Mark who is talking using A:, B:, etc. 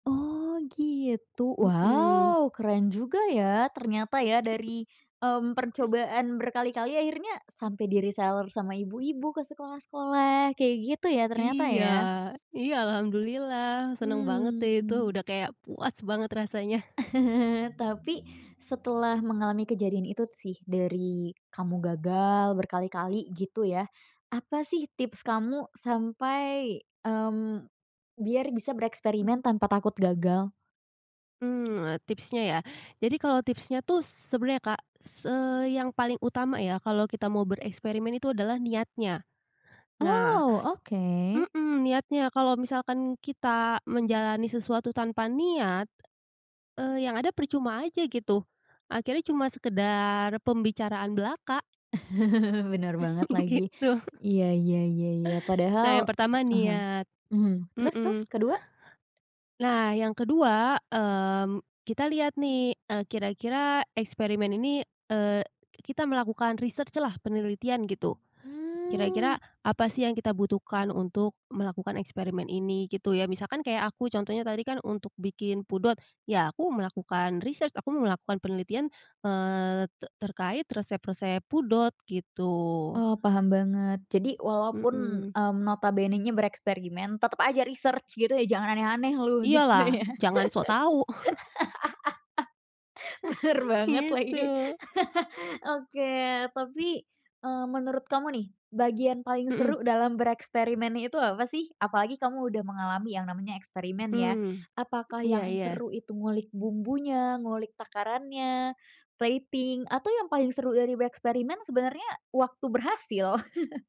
A: Oh, gitu?
B: Mhm.
A: Wow! Keren juga ya, ternyata ya, dari, mmm, percobaan berkali-kali akhirnya sampai di reseller sama ibu-ibu ke sekolah-sekolah, kayak gitu ya, ternyata,
B: Iya.
A: ya?
B: Iya, Alhamdulillah, senang banget deh itu
A: Mmm.
B: udah kayak puas banget rasanya.
A: Tapi, setelah mengalami kejadian itu sih, dari kamu gagal berkali-kali, gitu ya, apa sih tips kamu sampai, mmm, biar bisa bereksperimen tanpa takut gagal?
B: Mmm, tipsnya, ya? Jadi, kalau tipsnya tuh sebenarnya Kak, s eee, yang paling utama ya, kalau kita mau bereksperimen itu adalah niatnya. Nah
A: Oh, oke.
B: mhm, niatnya, kalau misalkan kita menjalani sesuatu tanpa niat, eee, yang ada percuma aja gitu, akhirnya cuma sekedar pembicaraan belaka.
A: Benar banget lagi.
B: Gitu.
A: Iya iya iya iya,
B: Nah
A: padahal
B: yang
A: a
B: pertama
A: ah hah.
B: niat,
A: Mhm, terus terus,
B: mhm.
A: kedua?
B: Nah yang kedua, mmm kita lihat nih e kira-kira eksperimen ini, eee kita melakukan riset lah penelitian gitu.
A: Mmm.
B: Kira-kira apa sih yang kita butuhkan untuk melakukan eksperimen ini gitu ya, misalkan kayak aku contohnya tadi kan untuk bikin pudot ya aku melakukan riset, aku melakukan penelitian eee te terkait resep-resep pudot gitu.
A: Oh, paham banget. Jadi, walaupun,
B: Mhm.
A: mmm, notabenenya bereksperimen, tetep aja research, gitu ya, "Jangan aneh-aneh lu!" Gitu,
B: Iyalah,
A: ya?
B: jangan sok tahu!
A: Bener banget lagi.
B: Gitu.
A: Oke, tapi, eee, menurut kamu nih, bagian paling
B: Mhm.
A: seru dalam bereksperimen itu, apa, sih? Apalagi kamu udah mengalami yang namanya eksperimen ya.
B: Mmm.
A: Apakah
B: Iya
A: yang
B: iya.
A: seru itu ngulik bumbunya, ngulik takarannya, plating, atau yang paling seru dari bereksperimen sebenarnya waktu berhasil?